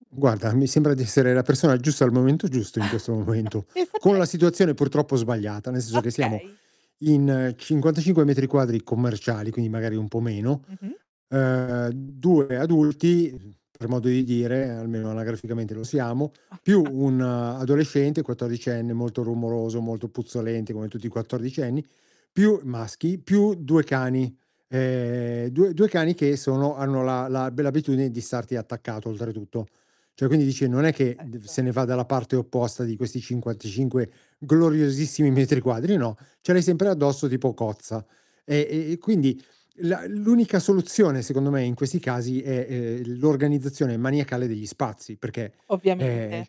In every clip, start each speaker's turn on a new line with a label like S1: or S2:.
S1: Guarda, mi sembra di essere la persona giusta al momento giusto in questo momento,
S2: Pensa
S1: con
S2: te.
S1: la situazione purtroppo sbagliata, nel senso che, siamo
S2: Okay.
S1: in 55 metri quadri commerciali, quindi magari un po' meno,
S2: Mh-mh.
S1: ehm, 2 adulti, per modo di dire almeno anagraficamente lo siamo, più
S2: Ah-ah.
S1: un adolescente quattordicenne molto rumoroso, molto puzzolente, come tutti i quattordicenni, più maschi, più 2 cani. Ehm, 2 2 cani che sono hanno la la bella abitudine di starti attaccato oltretutto. Cioè, quindi dice, non è che
S2: Perfetto.
S1: se ne va dalla parte opposta di questi 55 gloriosissimi metri quadri, no. Ce l'hai sempre addosso tipo cozza. E e e quindi la l'unica soluzione, secondo me, in questi casi è, ehm, l'organizzazione maniacale degli spazi, perché, ehm,
S2: Ovviamente.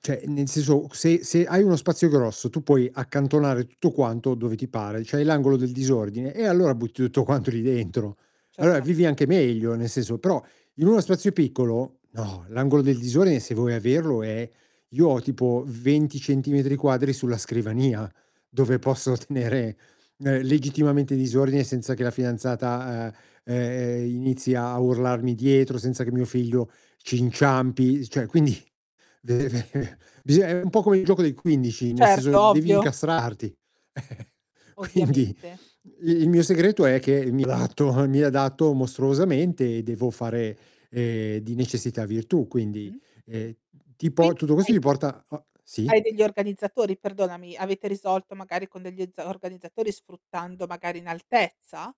S1: cioè nel senso se se hai uno spazio grosso, tu puoi accantonare tutto quanto dove ti pare, c'hai l'angolo del disordine e allora butti tutto quanto lì dentro. Allora vivi anche
S2: Certamente.
S1: meglio nel senso, però in uno spazio piccolo, no, l'angolo del disordine se vuoi averlo è io ho tipo 20 centimetri quadri sulla scrivania, dove posso tenere legittimamente disordine senza che la fidanzata, ehm, inizi a urlarmi dietro senza che mio figlio ci inciampi, cioè quindi bisog è un po' come il gioco del 15, nel
S2: Certo,
S1: senso devi
S2: ovvio.
S1: incastrarti. Quindi,
S2: Ovviamente.
S1: il il mio segreto è che mi adatto mi adatto mostruosamente e devo fare, ehm, di necessità virtù, quindi,
S2: Mh-mh.
S1: ehm,
S2: Qui
S1: tipo tutto questo
S2: hai
S1: ti porta a
S2: hai
S1: sì?
S2: degli organizzatori, perdonami avete risolto magari con degli z organizzatori sfruttando magari in altezza?